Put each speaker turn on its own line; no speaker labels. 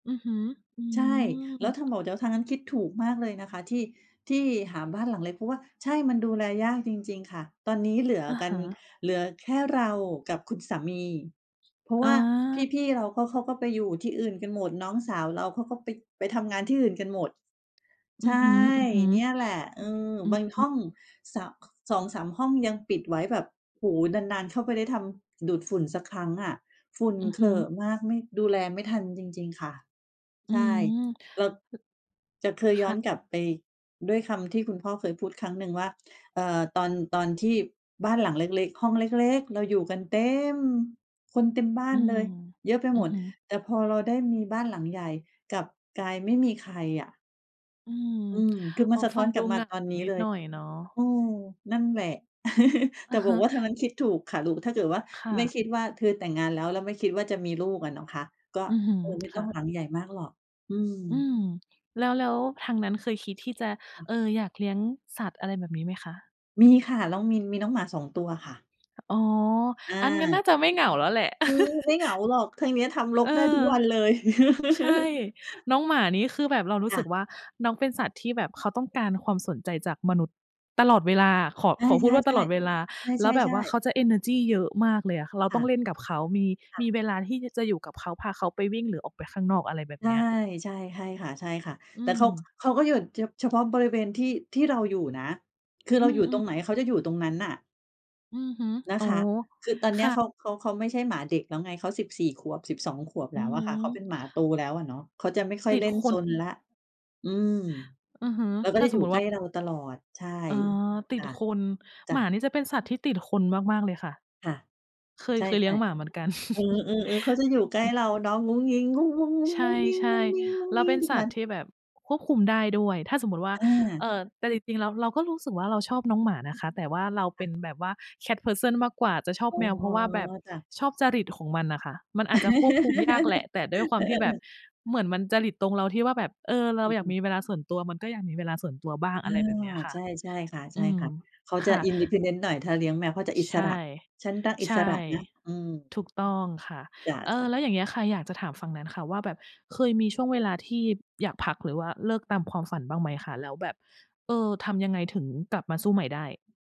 อือฮึ อื
ใช่ แล้
ม
วทางโหมด เดี๋ยว ทางนั้นคิดถูกมากเลยนะคะที่ ที่หาบ้านหลังเล็ก เพราะว่า ใช่ มันดูแลยากจริง ๆ ค่ะ ตอนนี้เหลือ
อะ
กั
ฮ
น
ะ
เหลือแค่เรากับคุณสามี เพราะ
อ
ว่า
า
พี่ ๆ เราก็ เขาก็ไปอยู่ที่อื่นกันหมด น้องสาวเรา เขาก็ไป ไปทำงานที่อื่นกันหมด
อื
ใช
อฮ
่
ึ ๆ อือ
เนี่ยแหละ เออ
อื
บา
อ
ง
ฮ
ห
ึ
้อง เสาะ 2-3 ห้องยังปิดไว้ แบบ โอ้โฮ นาน ๆ เข้าไป ได้ทำ ดูดฝุ่นสักครั้งอะ ฝุ่น
อือ
เข
ฮ
ร
ึ
อะมาก ไม่ ดูแลไม่ทันจริง ๆ ค่ะ
อื
ใช่
ม
เรา จะเคย
ค
ย้อ
่
น
ะ
กลับไปด้วยคำที่คุณพ่อเคยพูดครั้งหนึ่งว่า เอ่อ "ตอน ตอนที่บ้านหลังเล็ก ๆ ห้องเล็ก ๆ เราอยู่กันเต็ม คนเต็มบ้า
อื
นเล
ม
ย เยอะไป
อื
หม
อ
ด
ฮึ
แต่พอเราได้มีบ้านหลังใหญ่กลับกลาย ไม่มีใครอะ"
อืม
อืม คือ
โ
ม
อ
ั
้
นสะท
ฟ
้
ั
อ
ง
น
ด
กล
ู
ับมา
ง่ะ
ตอนนี้
นิ
เ
ด
ล
ห
ย
น่อยเนาะ
เออ นั่นแหละ
อ
แต
ะ
่บ
ฮ
อ
ะ
กว่า ทางนั้นคิดถูกค่ะ หรู่ ถ้าเกิดว่า
ค่
ไม่
ะ
คิดว่าเธอแต่งงานแล้ว แล้วไม่คิดว่าจะมีลูกอะเนาะคะ ก็
อือฮึ
เออ ไม่
ค
ต้อ
่
ง
ะ
หลังใหญ่มากหรอก อื
อื
ม
ม แล้ว แล้วทางนั้นเคยคิดที่จะ เอ่อ อยากเลี้ยงสัตว์ อะไรแบบนี้ไหมคะ?
มีค่ะ เรามี มีน้องหมา 2 ตัวค่ะ
อ๋อ
อ
อั๊น งั้นน่า
า
จะไม่เหงาแล้วแหละ
อื้อฮือ ไม่เหงาหรอก ทางเนี้ยทำร
เ
ก
อ
ได้ทุ
อ
กวันเลย
ใช่ น้องหมานี่คือแบบเรารู
ค
้
่
สึ
ะ
กว่า น้องเป็นสัตว์ที่แบบเขาต้องการความสนใจจากมนุษย์ตลอดเวลาอะ ขอ
ใช
ขอพูดว่า ตล
่
อดเว
ๆ
ลา
ๆ
แ
ใ
ล
ช
้วแบบ
่
ว่าเ
ๆ
ข
ๆ
าจะเอเนอร์จีเยอะมากเลยอะ เรา
ค
ต
่
้อ
ะ
งเล่นกับเขา มี
ค่ะ
มีเวลาที่ ย จะอยู่กับเขา พาเขาไปวิ่งหรือออกไปข้างนอก อะไรแบบ
ใช
เ
่
นี้ย
ใช่ ใช่ค่ะ
อื
ๆ แต่เขา ข
ม
เขาก็อยู่ฉะ เฉพาะบริเวณที่ ที่เราอยู่นะ คือ
อื
เราอยู่ตร
อ
งไห
ๆ
น เขาจะอยู่ตรงนั้นน่ะ
อือฮึ
น
โ
ะ
อ้
คะ คือตอนเ
ค
นี้
่
ยเข
ะ
า เขา เขาไม่ใช่หมาเด็กแล้วไง เขา 14 ขวบ 12 ขวบ
อ อ
แ
ื
ล้
อ
วอ
ฮ
ะค่ะ เขาเป
ึ
็นหมาโตแล้วอะเนาะ เขาจะไม่ค่อ
ต
ย
ิด
เล่น
ค
ซ
น
นแล้ว อืม
อือฮึ
แล้วก็
ถ้า
จะ
ส
อยู
ม
่
มุต
ใ
ิ
ก
ว
ล
่า
้เราตลอด ใช่
เออ ต
จ
ิด
้ะ
คน
จ
ห
้
ม
ะ
านี่จะเป็นสัตว์ที่ติดคนมาก ๆ เลยค่ะ
ค่ะ
เคย
ใช่
เคยเลี้ยงหมาเหมือนกัน
ๆ เออ ๆ ๆ เขาจะอยู่ใกล้เราเนาะ ท
ใช่ ๆ แล้วเป็น
ุก
สั
วั
ตว
น
์ที่แบบควบคุมได้ด้วย ถ้าสมมุติว่า
อ
เ
า
อ่อ แต่จริง ๆ แล้วเราก็รู้สึกว่า เราชอบน้องหมานะคะ แต่ว่าเราเ
ค
ป
่
็
ะ
นแบบว่า cat person มากกว่า จะชอบ
อ๋
แ
อ
มว เพราะว่าแบบ
จ้ะ
ชอบจริตของมันน่ะค่ะ มันอาจจะควบคุมยากแหละ แต่ด้วยคว
เ
า
อ
มที่แบบ
อ ๆ ๆ
เหมือนมันจริตตรงเราที่ว่า แบบ เออ เรา
อื
อยากม
อ ๆ
ีเวลาส่วนตัว มันก็อยากมีเวลาส่วนตัวบ้าง
อ
อะ
า
ไรแบบเนี้ยค่
ใ
ะ
ช่ ใช่ค
อืม
่ะ ๆ เขา
ค
จะ
่ะ
independent หน่อย ถ้าเลี้ยงแมวเขาจะอิ
ใช
ส
่
ระ ฉันรักอิ
ใช่
สระนะ อืม
ถูกต้องค่ะ
จ
เออ
้ะ ๆ
แล้วอย่างเงี้ยค่ะ อยากจะถามฝั่งนั้นค่ะว่า แบบเคยมีช่วงเวลาที่อยากพัก หรือว่าเลิกตามความฝันบ้างไหมคะ? แล้วแบบ เอ่อ ทำยังไงถึงกลับมาสู้ใหม่ได้?